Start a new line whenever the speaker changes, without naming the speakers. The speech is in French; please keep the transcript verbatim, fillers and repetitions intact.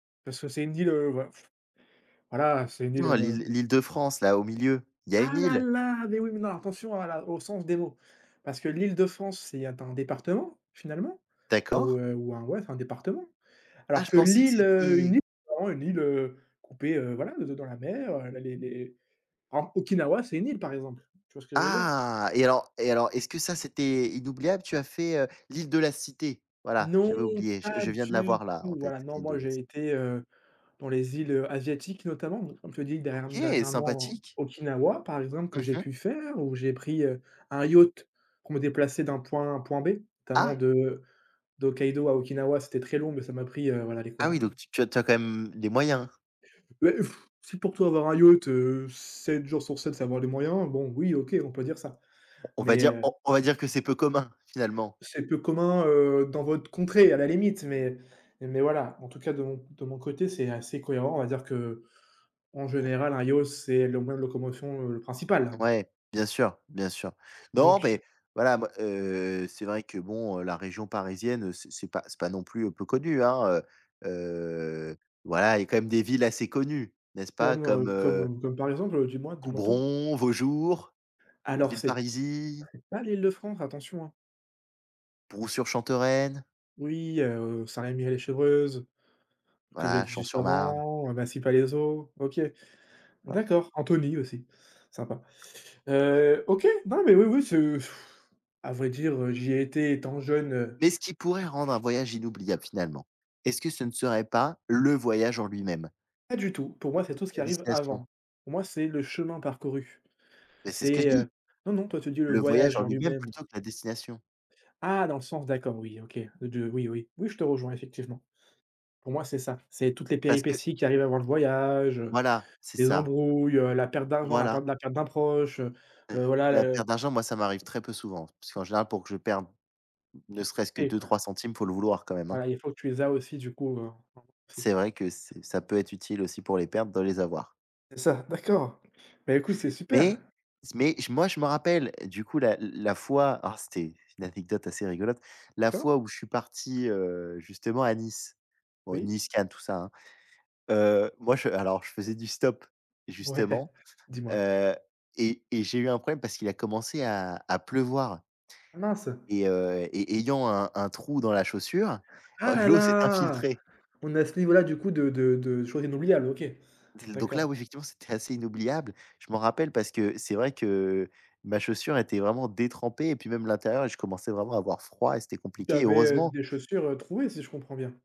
Parce que c'est une d île ouais. Voilà, c'est une île,
[unintelligible]
heu
L'île l'Île-de-France, là au milieu, il y a une
Ah là
île.
là, mais oui, mais non, attention à la au sens des mots parce que l'Île-de-France, c'est un département finalement, ou,
D'accord.
heu, ou un ouais un département,
Ah,
alors
je
que
pensais que
l'Île, heu, une
c'était
île, heu, c'est vraiment une île, heu, coupée voilà de dans la mer, les les en Okinawa c'est une île, par exemple, tu vois ce que je veux dire?
Ah et alors et alors, est-ce que ça c'était inoubliable? Tu as fait l'Île de la Cité. Voilà,
Non
j'avais oublié. Je
pas
je viens de
du
l'avoir là,
tout,
en tête,
voilà, non
l'Île de
moi
la ci
j'ai été, heu, dans les îles, heu, asiatiques, notamment n comme tu dis dern
OK,
dernièrement,
Sympathique.
Okinawa, par exemple, que
Mmh
j'ai
mh.
pu faire où j'ai pris, heu, un yacht pour me déplacer d'un point A, à un point B, notamment
Ah!
de de Hokkaido à Okinawa, c'était très long, mais ça m'a pris, voilà, allez
Ah
quoi?
oui, donc tu tu as quand même les moyens.
Heu, si pour toi avoir un yacht, heu, sept jours sur sept, c'est avoir les moyens, bon oui, OK on peut dire ça,
On va
mais,
dire
heu
on on va dire que c'est peu commun, finalement.
C'est peu commun, heu, dans votre contrée à la limite, mais mais voilà, en tout cas de mon de mon côté, c'est assez cohérent, on va dire qu'en général
[unintelligible]
un yacht c'est le moyen de locomotion principal.
Ouais, bien sûr, bien sûr. Non,
Donc
beh, voilà moi, heu, c'est vrai que, bon, heu, la région parisienne, c c'est pas non plus peu connu, hein, heu, voilà, il y a quand même des villes assez connues, n'est-ce pas?
Comme,
Comme,
heu,
heu
comme comme par exemple, dis-moi dis-moi tout.
Coubron, Vaujours,
Alors c'est
Villeparisis
c'est pas l'Île-de-France, attention, hein.
Brou-Sur-Chantereine
Oui, heu, Saint-Rémy-lès-Chevreuse, comme je l'ai
voilà,
dit juste
Champ-Sur-Marne.
avant, Massy-Palaiseau, heu, OK.
[unintelligible]
D'accord, Anthony aussi, sympa.
[unintelligible]
Heu, OK, non mais, oui oui c'est à vrai dire, j'y ai été étant jeune, heu
Mais ce qui pourrait rendre un voyage inoubliable, finalement, est-ce que ce ne serait pas le voyage en lui-même?
Pas du tout, pour moi c'est
[unintelligible] que
tout ce qui
la
arrive
destination.
avant. Pour moi c'est le chemin parcouru.
Mais c'est ce que je
C'est,
dis
heu, non, non, toi tu dis le
le voyage
voyage
en
en
lui-même
lui-même.
plutôt que la destination.
Ah, dans le sens, d'accord. Oui, OK, de oui, oui, oui je te rejoins effectivement. Pour moi c'est ça, c'est toutes les
Parce que
péripéties qui arrivent avant le voyage, heu,
Voilà, c'est
les
ça.
embrouilles, la perte d'argent, la perte
Voilà.
de la perte d'un proche, heu,
Heu heu,
voilà
la
le
perte d'argent, moi, ça m'arrive très peu souvent, puisqu'en général, pour que je perde ne
[unintelligible]
serait-ce que
Et quoi?
deux-trois centimes, faut le vouloir quand même, hein.
Voilà, il faut que tu les as aussi du coup, heu, en si
C'est vrai que c ça peut être utile aussi pour les perdre, de les avoir.
C'est ça. D'accord, bah, écoute c'est super!
Mais, c mais moi, je me rappelle, du coup l la la fois oh, c'était une anecdote assez rigolote. La
D'accord.
fois où je suis parti, heu, justement à Nice. Bon
Oui.
Nice, Cannes, tout ça, hein. Heu, moi je alors je faisais du stop,
Ouais,
justement.
dis-moi.
Heu et et j'ai eu un problème, parce qu'il a commencé à à pleuvoir, heu
Ah mince.
et heu et et ayant un un trou dans la chaussure,
Ah la
l'eau s'est
la,
infiltrée
on est à ce niveau-là du coup de de de chose inoubliable? OK.
del donc là, oui,
D'accord.
c'était assez inoubliable. Je m'en rappelle parce que c'est vrai que, ma chaussure était vraiment détrempée et puis même l'intérieur, je commençais vraiment à avoir froid et c'était
Tu
compliqué.
avais
Heureusement
des chaussures trouées, si je comprends bien?